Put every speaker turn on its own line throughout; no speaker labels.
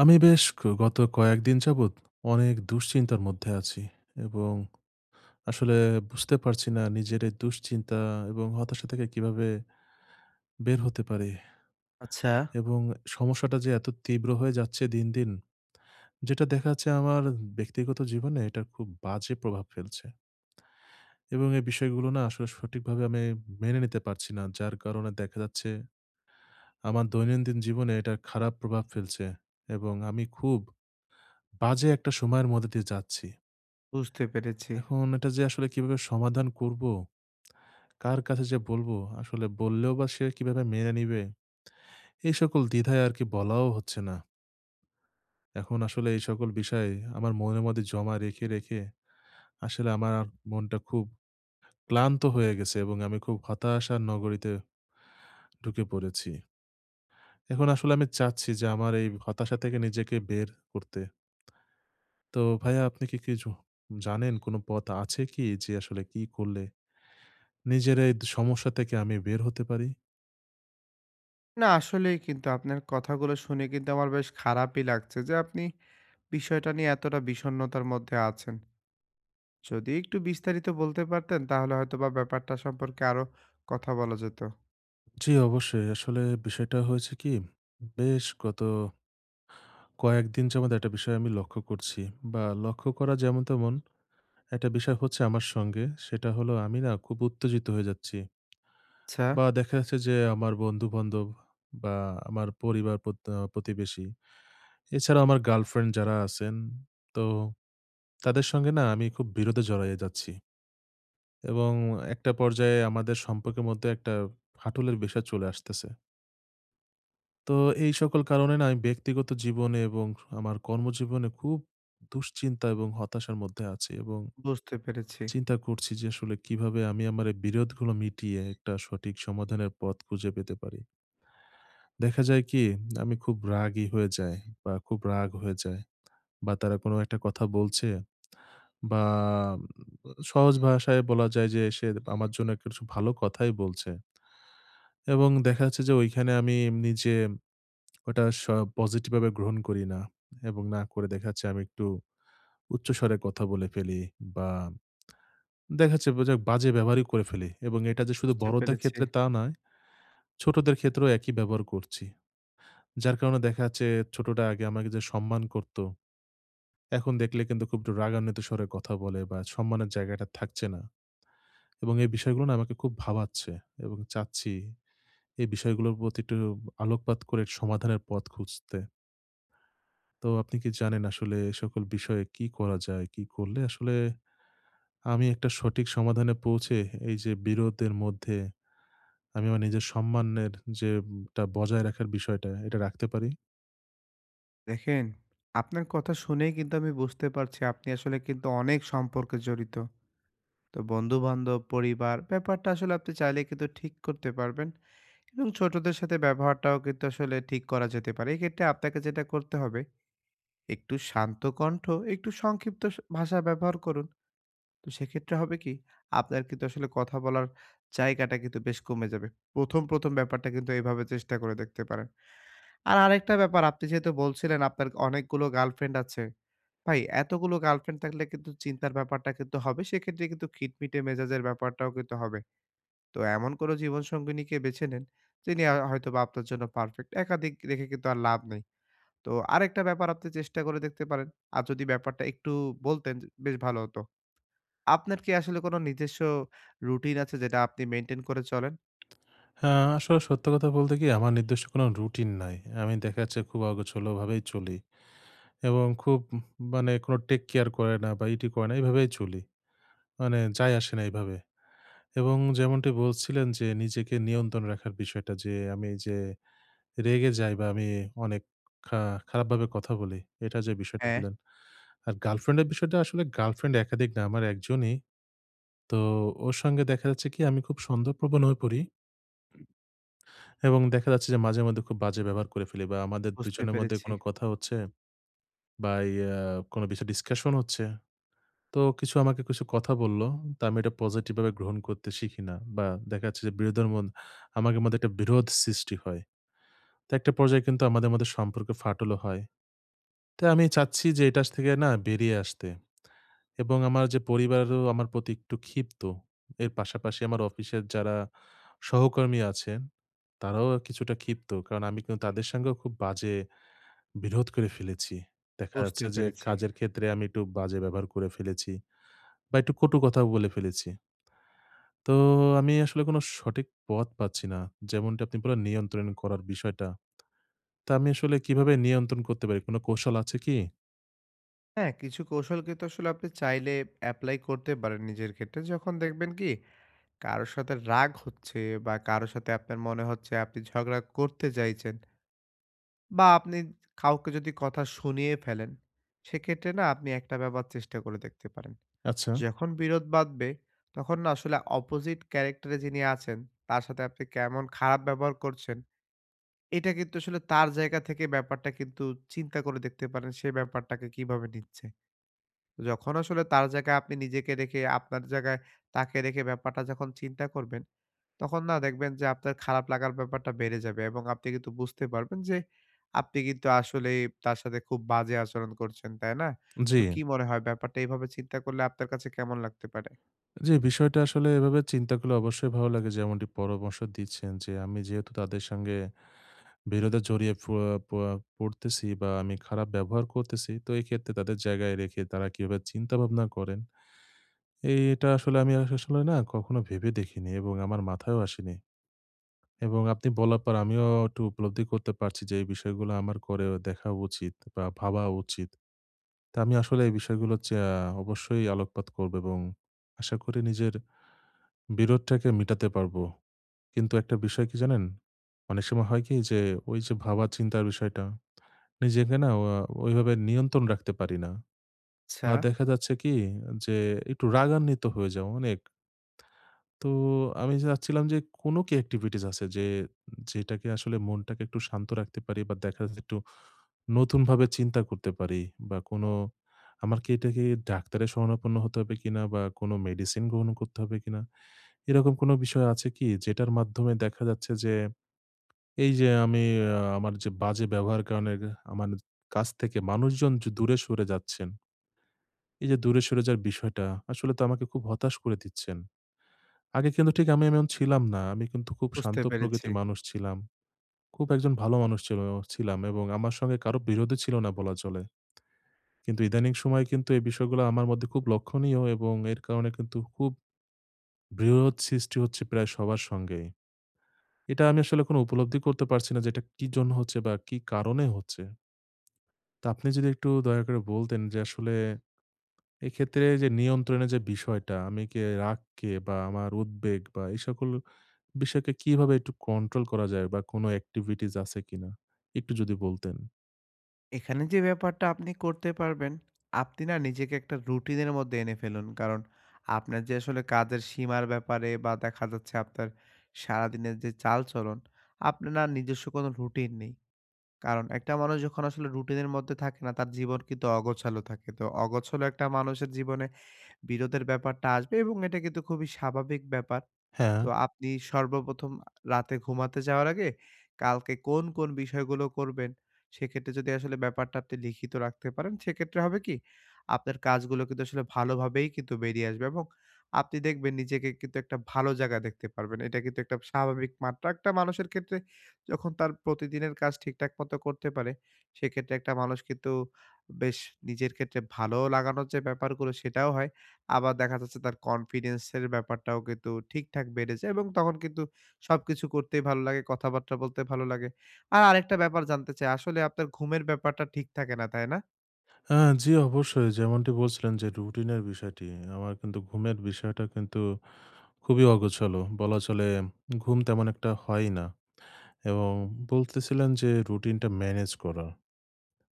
আমি বেশ ক গত কয়েকদিন যাবত অনেক দুশ্চিন্তার মধ্যে আছি এবং আসলে বুঝতে পারছি না নিজের এই দুশ্চিন্তা এবং হতাশা থেকে কিভাবে বের হতে পারি।
আচ্ছা।
এবং সমস্যাটা যে এত তীব্র হয়ে যাচ্ছে দিন, দিন যেটা দেখা যাচ্ছে আমার ব্যক্তিগত জীবনে এটার খুব বাজে প্রভাব ফেলছে। এবং এই বিষয়গুলো না আসলে সঠিকভাবে আমি মেনে নিতে পারছি না। যার কারণে দেখা যাচ্ছে আমার দৈনন্দিন জীবনে এটার খারাপ প্রভাব ফেলছে এবং আমি খুব বাজে একটা সময়ের মধ্য দিয়ে যাচ্ছি।
বুঝতে পেরেছি।
এখন এটা যে আসলে কিভাবে সমাধান করবো? কার কাছে যে বলবো? আসলে বললেও বা সে কিভাবে মেনে নিবে? এই সকল দ্বিধায় আর কি বলাও হচ্ছে না। এখন আসলে এই সকল বিষয় আমার মনের মধ্যে জমা রেখে, রেখে আসলে আমার মনটা খুব ক্লান্ত হয়ে গেছে এবং আমি খুব হতাশার নগরীতে ঢুকে পড়েছি। এখন আসলে আমি চাচ্ছি যে আমার এই হতাশা থেকে নিজেকে বের করতে। তো ভাইয়া আপনি কি কিছু জানেন? কোনো পথ আছে কি যে আসলে কি করলে নিজের এই দ সমস্যা থেকে আমি বের হতে পারি?
না আসলেই কিন্তু আপনার কথাগুলো শুনে কিন্তু আমার বেশ খারাপই লাগছে যে আপনি, বিষয়টা নিয়ে এতটা বিষন্নতার মধ্যে আছেন। যদি একটু বিস্তারিত বলতে পারতেন, তাহলে হয়তোবা ব্যাপারটা সম্পর্কে আরও কথা বলা যেত।
জি, অবশ্যই। আসলে বিষয়টা হয়েছে কী বেশ গত কয়েক দিন যাবত এটা বিষয় আমি লক্ষ্য করছি বা লক্ষ্য করা যেমন তেমন, এটা বিষয় হচ্ছে আমার সঙ্গে, সেটা হলো আমি না খুব উত্তেজিত হয়ে যাচ্ছি
আচ্ছা।
বা দেখা যাচ্ছে যে, আমার বন্ধু-বান্ধব বা আমার পরিবার, প্রত আ প্রতিবেশী, এছাড়া আমার গার্লফ্রেন্ড যারা আছেন। তো তাদের সঙ্গে না আমি খুব বিরোধে জড়ায়ে যাচ্ছি। এবং একটা পর্যায়ে আমাদের সম্পর্কের মধ্যে একটা ফাটলের বিষয় চলে আসতেছে। তো এই সকল কারণে না আমি ব্যক্তিগত জীবনে এবং আমার কর্মজীবনে খুব দুশ্চিন্তা এবং হতাশার মধ্যে আছি এবং
বুঝতে পেরেছি।
চিন্তা করছি যে আসলে কিভাবে আমি আমার এই বিরোধগুলো মিটিয়ে একটা সঠিক সমাধানের পথ খুঁজে পেতে পারি। দেখা যায় কি আমি খুব রাগী হয়ে যায় বা খুব রাগ হয়ে যায় বা তারা কোনো একটা কথা বলছে বা উ সহজ ভাষায় বলা যায় যে সে আমার জন্য কিছু ভালো কথাই বলছে এবং দেখা যাচ্ছে যে ওইখানে আমি নিজে, ওটা স পজিটিভভাবে গ্রহণ করি না এবং না করে দেখাচ্ছে আমি একটু, উচ্চস্বরে কথা বলে ফেলি বা দেখাচ্ছে বুজে বাজে ব্যবহারই করে ফেলি। এবং এটাযে শুধু
বুঝতে
বড়দের
পেরেছি।
ক্ষেত্রে তা নয়, ছোটদের ক্ষেত্রেও একই ব্যবহার করছি। যার কারণে দেখা যাচ্ছে ছোটটা আগে আমাকে যে সম্মান করতো, এখন দেখলে কিন্তু খুব একটু রাগান্বিত স্বরে কথা বলে বা সম্মানের জায়গাটা থাকছে না। এবং এই বিষয়গুলো না আমাকে খুব ভাবাচ্ছে এবং চাচ্ছি এই বিষয়গুলোর প্রতি একটু আলোকপাত করে সমাধানের পথ খুঁজতে। তো আপনি কি জানেন আসলে এই সকল বিষয়ে কী করা যায়? কী করলে আসলে, আমি একটা সঠিক সমাধানে পৌঁছে এইযে বিরোধের মধ্যে, আমি আমার নিজের সম্মানের যেম টা বজায় রাখার বিষয়টা, এটা রাখতে পারি?
দেখেন, আপনার কথা শুনেই কিন্তু আমি বুঝতে পারছি আপনি আসলে কিন্তু অনেক সম্পর্কে জড়িত। তো বন্ধু-বান্ধব, পরিবার ব্যাপারটা আসলে আপনি চাইলে কিন্তু ঠিক করতে পারবেন। এবং ছোটদের সাথে ব্যবহারটাও কিন্তু আসলে ঠিক করা যেতে পারে। এক্ষেত্রে আপনাকে যেটা করতে হবে একটু শান্ত কন্ঠ, একটু সংক্ষিপ্ত স ভাষা ব্যবহার করুন। তো সেক্ষেত্রে হবে কি? আপনার কিন্তু আসলে কথা বলার জায়গাটা কিন্তু বেশ কমে যাবে। প্রথম, প্রথম ব্যাপারটা কিন্তু এভাবে চেষ্টা করে দেখতে পারেন। আর আরেকটা ব্যাপার আপনি যেহেতু বলছিলেন আপনার অনেকগুলো গার্লফ্রেন্ড আছে। ভাই এতগুলো গার্ল ফ্রেন্ড থাকলে কিন্তু চিন্তার ব্যাপারটা কিন্তু হবে, সেক্ষেত্রে কিন্তু খিটমিটে মেজাজের ব্যাপারটাও কিন্তু হবে। তো এমন কোনো জীবনসঙ্গিনীকে বেছে নেন, যিনি আ হয়তোবা আপনার জন্য পারফেক্ট, একাধিক রেখে কিন্তু আর লাভ নেই। তো আরেকটা ব্যাপার আপনি চেষ্টা করে দেখতে পারেন, আর যদি ব্যাপারটা একটু বলতেন য বেশ ভালো হতো। আপনার কি আসলে কোনো নিজস্ব রুটিন আছে যেটা আপনি মেইনটেইন করে চলেন?
হ্যাঁ, আসলে সত্য কথা বলতে কি আমার নির্দিষ্ট কোনো রুটিন নাই। আমি দেখাচ্ছে খুব অগোছালোভাবেই চলি। এবং খুব উ মানে কোনো টেক কেয়ার করে না বা ই টি করে না, এইভাবেই চলি। মানে যাই আসে না এইভাবে। এবং যেমনটি বলছিলেন যে নিজেকে নিয়ন্ত্রণ রাখার বিষয়টা যে আমি এইযে রেগে যাই বা আমি অনেক খা খারাপভাবে কথা বলি এটা যে বিষয়টা
হ্যাঁ।
বললেন। আর গার্লফ্রেন্ডের বিষয়টা আসলে গার্লফ্রেন্ড একাধিক না, আমার একজনই। তো ওর সঙ্গে দেখা যাচ্ছে কি আমি খুব সন্দেহ প্রবণ হয়ে পড়ি এবং দেখা যাচ্ছে যে মাঝে মধ্যে খুব বাজে ব্যবহার করে ফেলি বা আমাদের
বুঝতে
দুজনের মধ্যে
পেরেছি।
কোনো কথা হচ্ছে বা ইয়া কোনো বিষয় ডিসকাশন হচ্ছে। তো কিছু আমাকে কিছু কথা বললো, তা আমি এটা পসিটিভভাবে গ্রহণ করতে শিখি না। বা দেখা যাচ্ছে যে বিরোধের মন আমাদের মধ্যে একটা বিরোধ সৃষ্টি হয়। তো একটা পর্যায়ে কিন্তু আমাদের মধ্যে সম্পর্কের ফাটলও হয়। তাই আমি চাচ্ছি যে এইটা থেকে না বেরিয়ে আসতে। এবং আমার যে পরিবারও আমার প্রতি একটু ক্ষিপ্ত। এর পাশাপাশি আমার অফিসের যারা সহকর্মী আছেন, তারাও আ কিছুটা ক্ষিপ্ত। কারণ আমি কিন্তু তাদের সঙ্গেও খুব বাজে বিরোধ করে ফেলেছি। দেখা
বুঝতে
যাচ্ছে যে
পেরেছি।
কাজের ক্ষেত্রে আমি একটু বাজে ব্যবহার করে ফেলেছি বা একটু কটু কথাও বলে ফেলেছি। তো আমি আসলে কোনো সঠিক পথ পাচ্ছি না। যেমনটি আপনি বললেন নিয়ন্ত্রণ করার বিষয়টা। তা আমি আসলে কিভাবে নিয়ন্ত্রণ করতে পারি? কোনো কৌশল আছে কি?
হ্যাঁ, কিছু কৌশল কিন্তু আসলে আপনি চাইলে এপ্লাই করতে পারেন নিজের ক্ষেত্রে। যখন দেখবেন কি? কারো সাথে রাগ হচ্ছে বা কারো সাথে আপনার মনে হচ্ছে আপনি ঝগড়া করতে চাইছেন বা আপনি কাউকে যদি কথা শুনিয়ে ফেলেন। সেক্ষেত্রে না আপনি একটা ব্যাপার চেষ্টা করে দেখতে পারেন।
আচ্ছা।
যখন বিরোধ বাধবে তখন না আসলে অপজিট ক্যারেক্টরে যিনি আছেন তার সাথে আপনি কেমন খারাপ ব্যবহার করছেন, এটা কিন্তু আসলে তার জায়গা থেকে ব্যাপারটা কিন্তু চিন্তা করে দেখতে পারেন। সে ব্যাপারটাকে কিভাবে নিচ্ছে। যখন আসলে তার জায়গায় আপনি নিজেকে রেখে আপনার জায়গায় তাকে রেখে ব্যাপারটা যখন চিন্তা করবেন। তখন না দেখবেন যে আপনার খারাপ লাগার ব্যাপারটা বেড়ে যাবে এবং আপনি কিন্তু বুঝতে পারবেন। যে আপনি কিন্তু আসলেই তার সাথে খুব বাজে আচরণ করছেন। তাই না?
জি।
তো কি মনে হয় ব্যাপারটা এভাবে চিন্তা করলে আপনার কাছে কেমন লাগতে পারে?
জি, বিষয়টা আসলে এভাবে চিন্তা করলে অবশ্যই ভালো লাগে। যেমনটি পরামর্শ দিচ্ছেন যে, আমি যেহেতু তাদের সঙ্গে বিরোধে জড়িয়ে ফুয়া পুয়া পড়তেছি বা আমি খারাপ ব্যবহার করতেছি। তো এইক্ষেত্রে তাদের জায়গায় রেখে তারা কিভাবে চিন্তাভাবনা করেন। এটা আসলে আমি আসলে না কখনো ভেবে দেখিনি এবং আমার মাথায়ও আসেনি এবং আপনি বলার পর আমিও একটু উপলব্ধি করতে পারছি। যে এই বিষয়গুলো আমার করেও দেখা উচিত বা ভাবা উচিত। তা আমি আসলে এই বিষয়গুলা চা অবশ্যই আলোকপাত করব এবং আশা করি নিজের বিরোধটাকে মিটাতে পারব। কিন্তু একটা বিষয় কি জানেন? অনেক সময় হয় কি? যে ওই যে ভাবা-চিন্তার বিষয়টা। নিজেকে না অ্যা ওইভাবে নিয়ন্ত্রণে রাখতে পারি না। বা
আচ্ছা।
দেখা যাচ্ছে কি? যে একটু রাগান্বিত হয়ে যাও অনেক। তো আমি চাচ্ছিলাম যে কোন কি একটিভিটিস আছে? যে যেটাকে আসলে মনটাকে একটু শান্ত রাখতে পারি বা দেখা যাচ্ছে একটু নতুনভাবে চিন্তা করতে পারি বা কোন আমার কি এটাকে ডাক্তারের শরণাপন্ন হতে হবে কিনা বা কোন মেডিসিন গ্রহণ করতে হবে কিনা? এরকম কোন বিষয় আছে কি? যেটার মাধ্যমে দেখা যাচ্ছে যে, এই যে আমি অ্যা আমার যে বাজে ব্যবহার কারণের এহ আমার কাছ থেকে মানুষজন যে দূরে সরে যাচ্ছেন। এই যে দূরে সরে যাওয়ার বিষয়টা, আসলে তো আমাকে খুব হতাশ করে দিচ্ছেন। আগে কিন্তু ঠিক আমি এমন ছিলাম না। আমি কিন্তু খুব
বুঝতে
শান্ত
পেরেছি।
প্রকৃতির মানুষ ছিলাম। খুব একজন ভালো মানুষ ছিলাম ছিলাম এবং আমার সঙ্গে কারো বিরোধই ছিল না বলা চলে। কিন্তু ইদানীং সময়ে কিন্তু এই বিষয়গুলা আমার মধ্যে খুব লক্ষণীয় এবং এর কারণে কিন্তু খুব বিরোধ সৃষ্টি হচ্ছে প্রায় সবার সঙ্গেই। এটা আমি আসলে কোনো উপলব্ধি করতে পারছি না। যে এটা কি জন্য হচ্ছে বা কি কারণে হচ্ছে। তা আপনি যদি একটু দয়া করে বলতেন যে আসলে এক্ষেত্রে যে নিয়ন্ত্রণের যে বিষয়টা। আমি কে, রাগকে বা আমার উদ্বেগ বা এই সকল বিষয়কে কিভাবে একটু কন্ট্রোল করা যায়? বা কোন একটিভিটিস আছে কিনা? একটু যদি বলতেন।
এখানে যে ব্যাপারটা আপনি করতে পারবেন, আপনি না নিজেকে একটা routine এর মধ্যে এনে ফেলুন। কারণ আপনার যে আসলে কাজের সীমার ব্যাপারে বা দেখা যাচ্ছে আপনার সারাদিনের যে চালচলন আপনার না নিজস্ব কোনো routine নেই। কারণ একটা মানুষ যখন আসলে routine এর মধ্যে থাকে না তার জীবন কিন্তু অগোছালো থাকে। তো অগোছালো একটা মানুষের জীবনে বিরোধের ব্যাপারটা আসবে এবং এটা কিন্তু খুবই স্বাভাবিক ব্যাপার। তো
হ্যাঁ।
আপনি সর্বপ্রথম আ রাতে ঘুমাতে যাওয়ার আগে, কালকে কোন, কোন বিষয়গুলো করবেন সেক্ষেত্রে যদি আসলে ব্যাপারটা আপনি লিখিত রাখতে পারেন, সেক্ষেত্রে হবে কি? আপনার কাজগুলো কিন্তু আসলে ভালোভাবেই কিন্তু বেরিয়ে আসবে এবং আপনি দেখবেন নিজেকে কিন্তু একটা ভালো জায়গায় দেখতে পারবেন। এটা কিন্তু একটা স্বাভাবিক মাত্রা একটা মানুষের ক্ষেত্রে যখন তার প্রতিদিনের কাজ ঠিকঠাক মতো করতে পারে, সেক্ষেত্রে একটা মানুষ কিন্তু বেশ নিজের ক্ষেত্রে ভালো লাগানোর যে ব্যাপারগুলো সেটাও হয়। আবার দেখা যাচ্ছে তার confidence এর ব্যাপারটাও কিন্তু ঠিকঠাক বেড়ে যায় এবং তখন কিন্তু সবকিছু করতেই ভালো লাগে, কথাবার্তা বলতে ভালো লাগে। আর আরেকটা ব্যাপার জানতে চাই আসলে আপনার ঘুমের ব্যাপারটা ঠিক থাকে না, তাই না?
আ জি অবশ্যই। যেমনটি বলছিলেন যে রুটিনের বিষয়টি, আমার কিন্তু ঘুমের বিষয়টা কিন্তু খুবই অগোছালো বলা চলে। ঘুম তেমন একটা হয়ই না। এবং বলতেছিলাম যে রুটিনটা ম্যানেজ করা।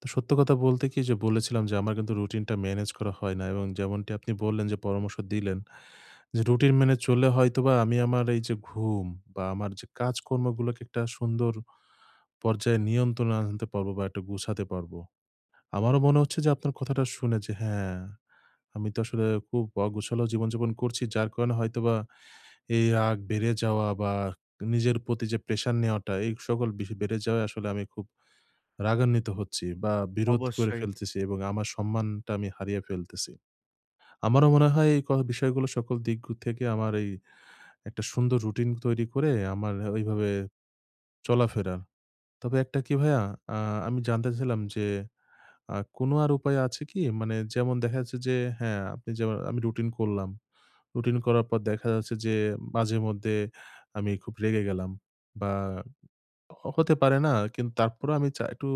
তো সত্য কথা বলতে কি যে বলেছিলাম যে আমার রুটিনটা ম্যানেজ করা হয় না। এবং যেমনটি আপনি বললেন যে পরামর্শ দিলেন, যে রুটিন মেনে চললে হয়তোবা আমি আমার এই যে ঘুম বা আমার যে কাজকর্মগুলোকে একটা সুন্দর পর্যায়ে নিয়ন্ত্রণে আনতে পারব, বা একটু গুছাতে নিতে পারব। আমারও মনে হচ্ছে যে আপনার কথা শুনে হ্যাঁ, আমি তো আসলে খুব অগোছালো জীবনযাপন করছি। যার কারণে হয়তোবা এই রাগ বেড়ে যাওয়া, বা নিজের প্রতি যে প্রেশার নেওয়াটা এই সকল বিষয় বেড়ে যাওয়ায় আমি খুব রাগান্বিত হচ্ছি বা বিরোধ করে
অবশ্যই।
ফেলতেছি এবং আমার সম্মানটা আমি হারিয়ে ফেলতেছি। আমারও মনে হয়, এই ক বিষয়গুলো সকল দিক থেকে আমার এই একটা সুন্দর রুটিন তৈরি করে আমার ঐভাবে চলাফেরা। তবে একটা কি ভাইয়া, আ আমি জানতে চাইছিলাম যে আ কোনো আর উপায় আছে কি? মানে যেমন দেখা যাচ্ছে যে হ্যাঁ, আপনি যেম আমি রুটিন করলাম, রুটিন করার পর দেখা যাচ্ছে যে, মাঝেমধ্যে আমি খুব রেগে গেলাম বা হো হতে পারে না। কিন্তু তারপরও আমি চাই একটু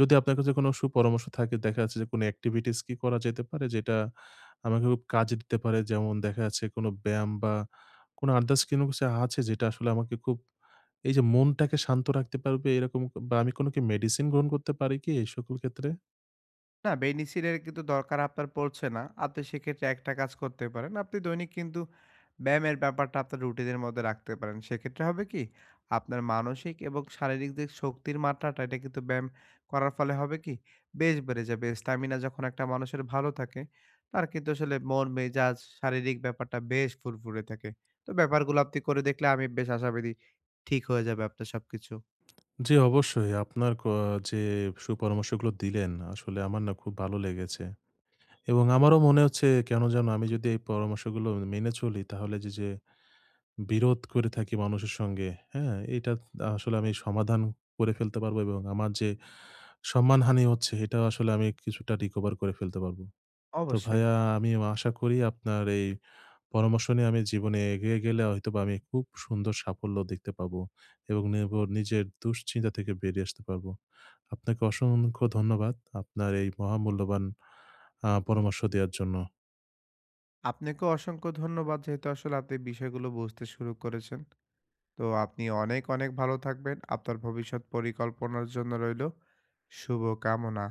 যদি আপনার কাছে কোনো সুপরামর্শ থাকে। দেখা যাচ্ছে, কোনো অ্যাক্টিভিটিস কি করা যেতে পারে। যেটা আমাকে খুব কাজে দিতে পারে? যেমন দেখা যাচ্ছে কোনো ব্যায়াম বা কোন আদারস কোন কিছু আছে যেটা আসলে আমাকে খুব, এই যে মনটাকে শান্ত রাখতে পারবে এরকম। বা আমি কোন কি মেডিসিন গ্রহণ করতে পারি কি এই সকল ক্ষেত্রে?
না, [unintelligible] এর কিন্তু দরকার আপনার পড়ছে না। আপনি সেক্ষেত্রে একটা কাজ করতে পারেন। আপনি দৈনিক কিন্তু ব্যায়ামের ব্যাপারটা আপনার routine এর মধ্যে রাখতে পারেন। সেক্ষেত্রে হবে কি? আপনার মানসিক এবং শারীরিক দিক শক্তির মাত্রাটা, এটা কিন্তু ব্যায়াম করার ফলে হবে কি? বেশ বেড়ে যাবে। Stamina যখন একটা মানুষের ভালো থাকে, তার কিন্তু আসলে মন, মেজাজ, শারীরিক ব্যাপারটা বেশ ফুরফুরে থাকে। তো ব্যাপারগুলো আপনি করে দেখলে আমি বেশ আশাবাদী ঠিক হয়ে যাবে আপনার সবকিছু।
জি, অবশ্যই। আপনার ক যে সুপরামর্শগুলো দিলেন, আসলে আমার না খুব ভালো লেগেছে। এবং আমারও মনে হচ্ছে, কেন জানো আমি যদি এই পরামর্শগুলো মেনে চলি তাহলে যে, যে বিরোধ করে থাকি মানুষের সঙ্গে, হ্যাঁ? এটা আ আসলে আমি সমাধান করে ফেলতে পারব এবং আমার যে সম্মানহানি হচ্ছে এটাও আসলে আমি কিছুটা recover করে ফেলতে পারব। তো
অবশ্যই।
ভাইয়া আমি ন আশা করি আপনার এই পরামর্শ নিয়ে আমি জীবনে এগিয়ে গেলে হয়তোবা আমি খুব সুন্দর সাফল্য দেখতে পাব এবং নির্ভর নিজের দুশ্চিন্তা থেকে বেরিয়ে আসতে পারব। আপনাকে অসংখ্য ধন্যবাদ আপনার এই মহামূল্যবান আ পরামর্শ দেয়ার জন্য।
আপনাকে অসংখ্য ধন্যবাদ যেহেতু আসলে আপনি বিষয়গুলো বুঝতে শুরু করেছেন। তো আপনি অনেক, অনেক ভালো থাকবেন। আপনার ভবিষ্যৎ পরিকল্পনার জন্য রইলো শুভকামনা।